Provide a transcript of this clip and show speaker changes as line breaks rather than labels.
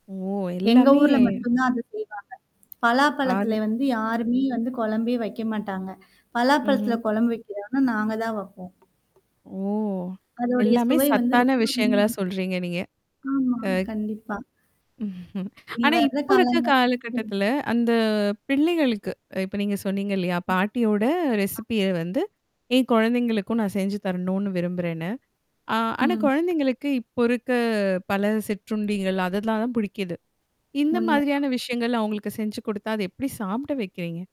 ஓ!
எங்க
எல்லாமே
ஊர்ல மட்டும் தான் அத செய்வாங்க. பலாப்பழத்தில
ஆற
வந்து யாருமே வந்து குழம்பே வைக்க மாட்டாங்க. பலாப்பழத்தில
ம்ஹ்ம்.
குழம்பு வைக்கிறானா நாங்க தான் வைப்போம்.
ஓ!
அதடைய
எல்லாமே
சுவை வந்து ரொம்ப
சத்தான விஷயங்களா
[unintelligible]
சொல்றீங்க நீங்க.
ஆமா,
ஆ
கண்டிப்பா. இனி
ஆனா,
வர்ற
இப்போ இருக்க
காலங்க
காலகட்டத்தில
[unintelligible]
அந்த பிள்ளைகளுக்கு இப்ப நீங்க சொன்னீங்க இல்லையா?
ம்.
பாட்டியோட
அ.
ரெசிபிய வந்து என் குழந்தைகளுக்கும் நான் செஞ்சு தரணும்னு விரும்புறேன்னு. ஆ ஆனா
ம்.
குழந்தைங்களுக்கு இப்போ இருக்க பல சிற்றுண்டிகள் அதெல்லாம் தான் பிடிக்குது. இந்த மாதிரியான
உண்மதான்.
விஷயங்கள் அவங்களுக்கு செஞ்சு குடுத்தா, அத எப்படி சாப்பிட வைக்கிறீங்க?